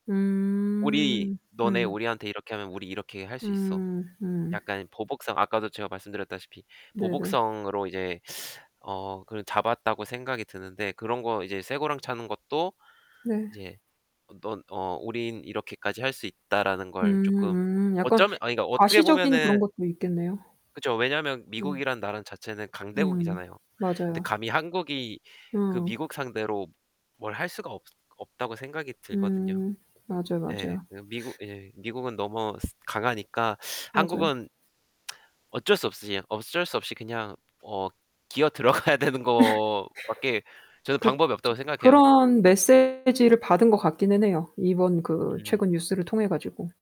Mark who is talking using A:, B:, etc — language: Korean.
A: 우리
B: 음.
A: '너네
B: 음.
A: 우리한테 이렇게 하면 우리 이렇게 할 수 있어.'
B: 음. 음.
A: 약간 보복성. 아까도 제가 말씀드렸다시피
B: 네네.
A: 보복성으로 이제 어 그 잡았다고 생각이 드는데 그런 거 이제 쇠고랑 차는 것도
B: 네.
A: 이제 넌 어 '우린 이렇게까지 할 수 있다.'라는 걸 쪼끔
B: 음 음. 약간
A: 어쩌면 아니 그러니까 어떻게
B: 과시적인 그런
A: 보면은
B: 것도 있겠네요.
A: 그쵸. 왜냐면
B: 음.
A: 미국이란 나라 자체는
B: 음
A: 강대국이잖아요. 근데
B: 맞아요.
A: 감히 한국이 그
B: 음.
A: 미국 상대로 뭘 할 수가 없 없다고 생각이 들거든요.
B: 음 맞아요,
A: 예.
B: 맞아요.
A: 그 미국 예. 미국은 너무 스 강하니까
B: 맞아요.
A: 한국은 어쩔 수 없이 어쩔 수 없이 그냥 어 기어 들어가야 거 밖에 저는
B: 그쵸.
A: 방법이 없다고 생각해요.
B: 그런 메세지를 받은 것 같기는 해요, 이번 그
A: 음.
B: 최근 뉴스를 통해 가지고.